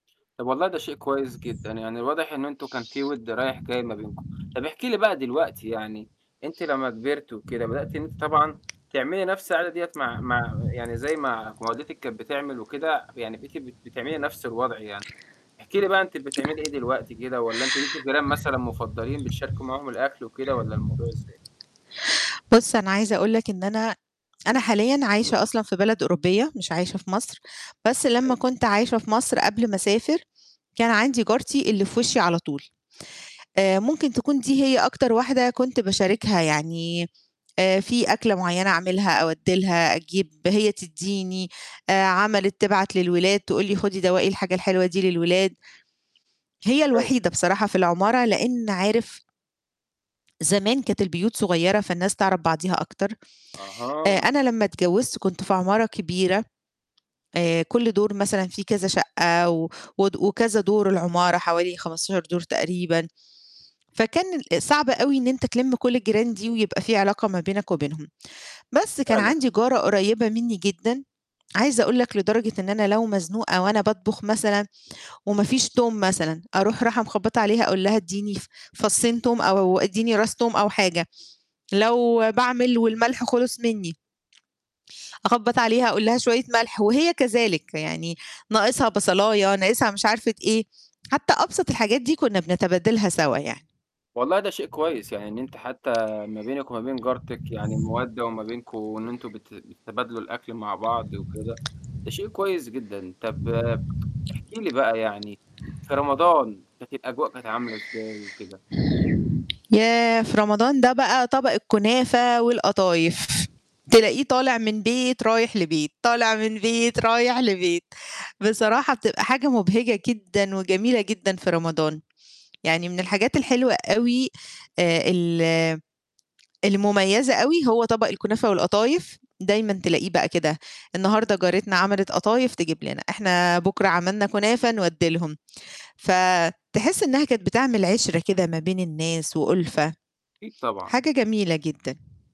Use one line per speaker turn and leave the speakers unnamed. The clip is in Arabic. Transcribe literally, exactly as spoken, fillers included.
طَب والله ده شيء كويس جدًا، يعني الواضح إنه أنتم كان وِد رايح جاي ما بينكم. طَب احكي لي بقى دلوقتي يعني أنتِ لمّا كبِرتِ وكده بدأتِ إن أنتِ طبعًا تعملي نَفْس العادة ديّة مع مع يعني زي ما ما والدتِك كانت بتعمل وكده، يعني بقيتِ بت بتعملي نَفْس الوضع يعني. احكي لي بقى أنتِ بتعملي إيه دلوقتي كده والّا أنتم ليكم جيران مثلًا مُفضّلين بتشاركوا معاهم الأكل وكده والّا الموضوع إزاي؟
بُص، أنا عايزة أقول لك إن أنا أنا حاليًا عايشة أصلًا في بلد أوروبية مش عايشة في مصر، بس لمّا
[unintelligible]
كنت عايشة في مصر قبل ما أسافر، كان عندي جارتي اللي في وِشّي على طول. آآ ممكن تكون دي هي أكتر واحدة كنت باشاركها، يعني آآ في أكلة معيّنة أعملها أودّي لها أجيب، هي تدّيني، آآ عملِت تبعت للولاد تقول لي: "خُدي دوَّقي الحاجة الحلوة دي للولاد." هي
[unintelligible]
الوحيدة بصراحة في العمارة لإن عارف زمان كانت البيوت صغيرة فالناس تعرف بعضيها أكتر. آآ
أها.
أنا لمّا اتجوِّزت كنت في عمارة كبيرة آآ كل دور مثلًا في كذا شَقّة و ود وكذا دور العمارة حوالي خمستاشر دور تقريبًا، فكان ال صعب أو إن أنت تِلِم كل الجيران دي ويبقى في علاقة ما بينك وبينهم. بس كان
فعلًا.
عندي جارة قريّبة منّي جدًا، عايزة أقول لك لدرجة إن أنا لو مزنوقة وأنا باطبُخ مثلًا وما فيش توم مثلًا أروح راحة مخبَّطة عليها أقول لها: "إدّيني ف فصّين توم أو إدّيني راس توم أو حاجة." لو باعمل والملح خلص منّي أخبّط عليها أقول لها: "شوية ملح." وهي كذلك، يعني ناقصها بصلاية، ناقصها مش عارفة إيه، حتّى أبسط الحاجات دي كُنّا بنتبادلها سَوا يعني.
والله ده شيء كويس، يعني إن أنتِ حتّى ما بينِك وما بين جارتِك يعني مَودَّة وما بينكم إن أنتم بت بتتبادلوا الأكل مع بعض وكده، ده شيء كويس جدًا. طَب احكي لي بقى يعني في رمضان كانت الأجواء كانت عاملة إزاي وكده.
ياه! في رمضان ده بقى طبق الكنافة والقطايف تلاقيه طالع من بيت رايح لبيت، طالع من بيت رايح لبيت بصراحة بتبقى حاجة مُبهِجَة جدًا وجميلة جدًا في رمضان، يعني من الحاجات الحلوة أوي آآ ال المُميّزة أوي، هو طَبَق الكنافة والقطايف دايمًا تلاقيه بقى كده النهاردة جارتنا عملت قطايف تجيب لنا، إحنا بكرة عملنا كنافة نودّي لهم، فتحس إنّها كانت بتعمل عِشرة كده ما بين الناس وأُلفَة،
أكيد طبعًا.
حاجة جميلة جدًا.